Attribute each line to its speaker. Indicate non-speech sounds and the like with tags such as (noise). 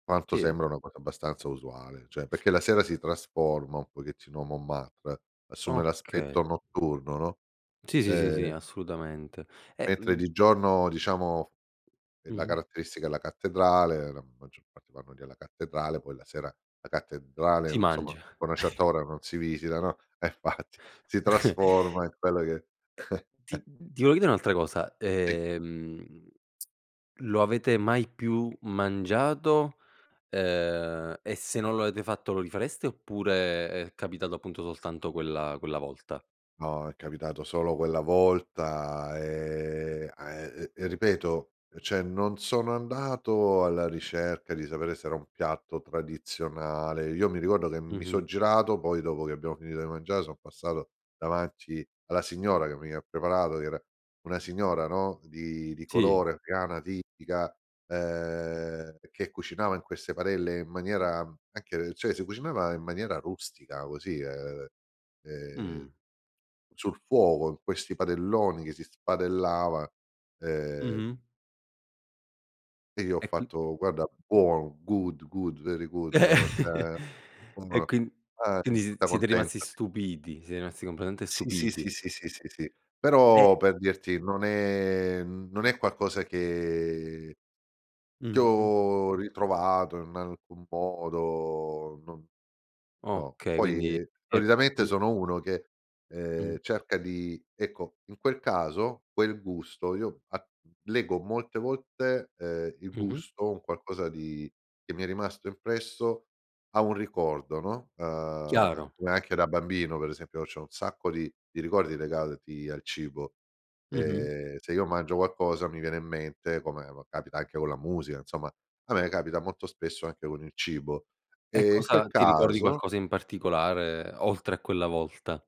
Speaker 1: Manto
Speaker 2: Sì.
Speaker 1: sembra una cosa abbastanza usuale, cioè perché la
Speaker 2: E
Speaker 1: sera si trasforma un pochettino Montmartre, assume
Speaker 2: Okay.
Speaker 1: l'aspetto notturno, no.
Speaker 2: Sì, sì, sì,
Speaker 1: E
Speaker 2: sì, assolutamente. E
Speaker 1: mentre
Speaker 2: mhmm
Speaker 1: di giorno diciamo e la
Speaker 2: Mh-mh.
Speaker 1: caratteristica è la cattedrale, la maggior parte vanno lì alla cattedrale, poi la sera la cattedrale
Speaker 2: Si
Speaker 1: non so, ma
Speaker 2: mangia.
Speaker 1: a una certa
Speaker 2: (chuckles)
Speaker 1: ora non si visita, no. Eh infatti si
Speaker 2: (chuckles)
Speaker 1: trasforma in quella che
Speaker 2: E
Speaker 1: (chuckles)
Speaker 2: ti mh mhmm, ti (unintelligible) un'altra cosa,
Speaker 1: Sì.
Speaker 2: ehm, (smacks lips) lo avete mai più mangiato, ehm, e se non lo avete fatto lo rifareste oppure è capitato appunto soltanto quella quella volta?
Speaker 1: No, è capitato solo quella volta, ehm, a e ehm, e ripeto e cioè non sono andato alla ricerca di sapere se era un piatto tradizionale. Io mi ricordo che mi so'
Speaker 2: Mh-mh.
Speaker 1: girato, poi dopo che abbiamo finito di mangiare so' passato davanti alla signora, che mi ha preparato, che era una signora no di di
Speaker 2: Sì.
Speaker 1: colore, afgana, tipica, ehm, che cucinava in queste barelle in maniera anche cioè si cucinava in maniera rustica così, ehm, ehm,
Speaker 2: Mh.
Speaker 1: sul fuoco in questi padelloni che si spadellava. Ehm
Speaker 2: Mh-mh.
Speaker 1: e io ho
Speaker 2: E qui
Speaker 1: fatto: "Guarda, buono, good, good, very good", no,
Speaker 2: (chuckles)
Speaker 1: cioè
Speaker 2: E
Speaker 1: (unintelligible)
Speaker 2: quin quindi sie
Speaker 1: tutta
Speaker 2: siete rimasti
Speaker 1: contenta (unintelligible)
Speaker 2: stupiti, siete rimasti completamente
Speaker 1: Sì, sì,
Speaker 2: stupiti.
Speaker 1: sì, sì, sì, sì, sì.
Speaker 2: Eh
Speaker 1: Però per dirti non è mhmm, non è qualcosa che che
Speaker 2: Mh-mh.
Speaker 1: ho ritrovato in alcun modo non no,
Speaker 2: Okay,
Speaker 1: poi,
Speaker 2: quindi
Speaker 1: ehm,
Speaker 2: è
Speaker 1: solitamente
Speaker 2: (unintelligible)
Speaker 1: sono uno che,
Speaker 2: Mh.
Speaker 1: ehm, cerca di ecco, in quel caso quel gusto io a lego molte volte, ehm, il
Speaker 2: Mh-mh.
Speaker 1: gusto, un qualcosa di che mi è rimasto impresso a un ricordo, no. Ehm,
Speaker 2: Chiaro.
Speaker 1: come anche da bambino, per esempio, c'ho un sacco di di ricordi legati al cibo.
Speaker 2: Mh-mh.
Speaker 1: Ehm, se io mangio qualcosa mi viene in mente, come va capita anche con la musica, insomma, a me capita molto spesso anche con il cibo;
Speaker 2: E
Speaker 1: e in quel
Speaker 2: cosa ti ricordi
Speaker 1: caso
Speaker 2: qualcosa in particolare oltre a quella volta?